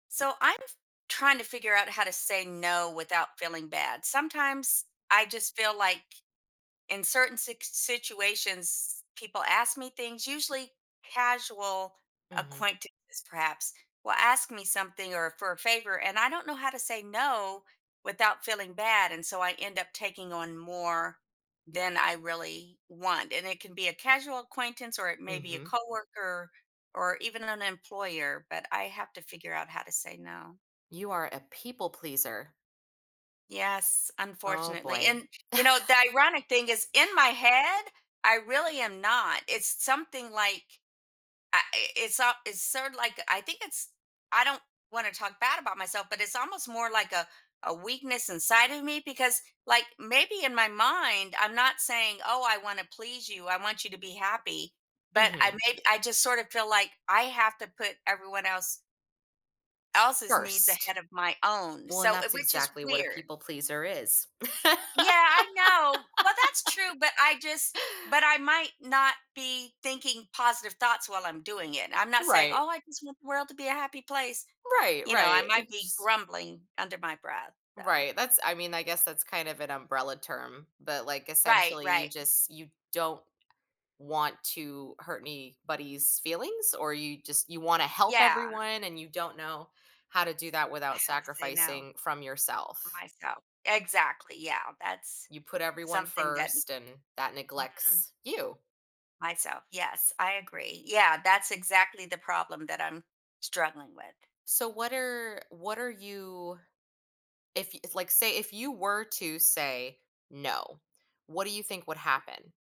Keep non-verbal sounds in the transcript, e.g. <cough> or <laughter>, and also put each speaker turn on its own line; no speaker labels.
So, I'm f trying to figure out how to say no, without feeling bad. Sometimes I just feel like in certain sics situations people ask me things Usually casual
Mhm.
acquaintances perhaps will ask me something, or for a favor and I don't know how to say no without feeling bad, and so I end up taking on more than I really want, and it can be a casual acquaintance, or it may be a
Mhm.
coworker, or even an an employer, but I have to figure out how to say no.
You are a people pleaser.
Yes,
Oh,
unfortunately.
boy.
And, you know, the ironic thing
<chuckles>
is, in my head, I really am not, it's something like, I i it's so it's sorta like, I think it's I don't wanna talk bad about myself, but it's almost more like a a weakness inside of me because, like, maybe in my mind, I'm not saying, "Oh, I wanna please you. I want you to be happy," but I
Mhm.
make I just sort of feel like I have to put everyone else
Of
else's needs
course t
ahead of my own,
Well, and
so uh,
that's
which is
exactly what a
weird.
people pleaser is. <laughs>
Yeah, I know. Well, that's true, but I just but I might not be thinking positive thoughts while I'm doing it. I'm not saying,
Right.
"Oh, I just want the world to be a happy place."
Right,
you know, I
right.
might
It
be
just
grumbling under my breath, so
Right, that's I mean, I guess that's kind of an umbrella term, but, like,
Right,
essentially you
right.
just you don't want to hurt anybody's feelings? Or, you just you wanna help
Yeah.
everyone and you don't know how to do that
I
without
have to say no
sacrificing from
for
yourself?
myself. Exactly. Yeah. That's
You put everyone
something that
first and that
n Mhm.
neglects you.
Myself. Yes, I agree. Yeah, that's exactly the problem that I'm struggling with.
So, what are what are you If if, like, say If you were to say, "No." What do you think would happen?